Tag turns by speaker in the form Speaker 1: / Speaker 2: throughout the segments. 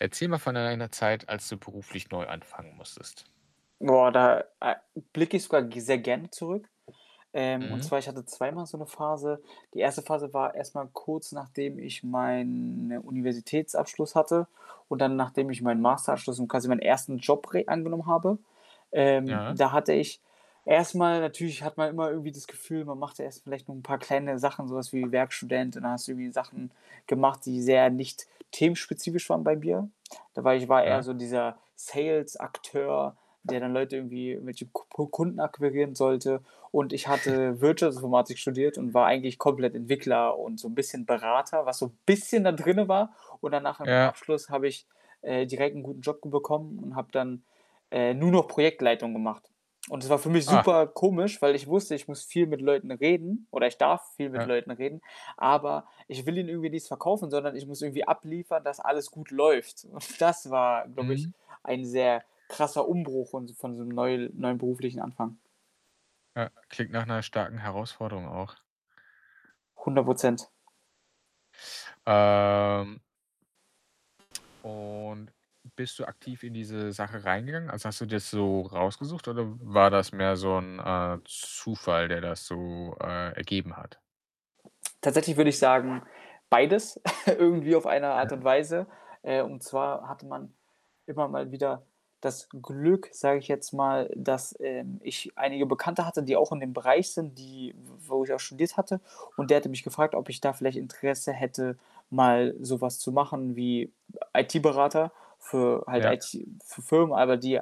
Speaker 1: Erzähl mal von einer Zeit, als du beruflich neu anfangen musstest.
Speaker 2: Boah, da a blicke ich sogar g sehr gerne zurück. Ähm, und
Speaker 1: Mhm.
Speaker 2: zwar ich hatte zweimal so 'ne Phase. Die 1. Phase war erst mal kurz nachdem ich meinen, ne, Universitätsabschluss hatte und dann nachdem ich meinen Masterabschluss und quasi meinen 1. Job re angenommen habe. Ähm,
Speaker 1: Ja.
Speaker 2: da hatte ich erstmal natürlich hat man immer irgendwie das Gefühl, man macht erst vielleicht noch 'n paar kleine Sachen, so was wie Werkstudent und dann hast du irgendwie Sachen gemacht, die sehr nicht-themenspezifisch waren bei mir. Dabei ich war eher
Speaker 1: Ja.
Speaker 2: so dieser Sales-Akteur, der dann Leute irgendwie irgendwelche Ku Pu Kunden akquirieren sollte. Und ich hatte Wirtschaftsinformatik studiert und war eigentlich komplett Entwickler und so 'n bisschen Berater, was so bisschen dann drinnen war und dann nach dem
Speaker 1: Ja.
Speaker 2: Abschluss habe ich, äh, direkt 'nen guten Job ge bekommen und habe dann, äh, nur noch Projektleitung gemacht und das war für mich
Speaker 1: Ah.
Speaker 2: super komisch, weil ich wusste, ich muss viel mit Leuten reden oder ich darf viel mit
Speaker 1: Ja.
Speaker 2: Leuten reden, aber ich will ihnen irgendwie nichts verkaufen, sondern ich muss irgendwie abliefern, dass alles gut läuft. Das war, glaube ich,
Speaker 1: Mhm.
Speaker 2: ein sehr krasser Umbruch und so von so 'nem neul neuen beruflichen Anfang.
Speaker 1: Ja. Klingt nach 'ner starken Herausforderung auch.
Speaker 2: 100 %. Äh.
Speaker 1: Ähm. Und bist du aktiv in diese Sache reingegangen? Also, hast du dir das so rausgesucht oder war das mehr so 'n, äh, Zufall, der das so, äh, ergeben hat?
Speaker 2: Tatsächlich würde ich sagen, beides, irgendwie auf eine Art
Speaker 1: [unintelligible]
Speaker 2: und Weise. Äh, und zwar hatte man immer mal wieder das Glück, sage ich jetzt mal, dass, ähm, ich einige Bekannte hatte, die auch in dem Bereich sind, die w wo ich auch studiert hatte und der hatte mich gefragt, ob ich da vielleicht Interesse hätte, mal sowas zu machen wie IT-Berater, für halt
Speaker 1: Ja.
Speaker 2: IT-F Firmen, aber die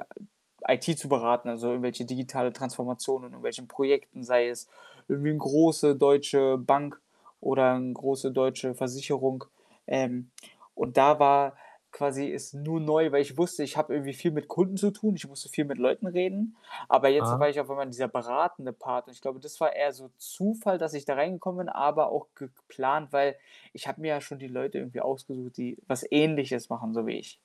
Speaker 2: IT zu beraten, also, irgendwelche digitale Transformation in irgendwelchen Projekten, sei es irgendwie 'n große deutsche Bank oder 'n große deutsche Versicherung. Ähm, und da war quasi es nur neu, weil ich wusste, ich habe irgendwie viel mit Kunden zu tun, ich musste viel mit Leuten reden, aber jetzt
Speaker 1: Ah.
Speaker 2: war ich auf einmal in dieser beratende Part. Und ich glaube, das war eher so Zufall, dass ich da reingekommen bin, aber auch geplant, weil ich habe mir ja schon die Leute irgendwie ausgesucht, die was Ähnliches machen, so wie ich.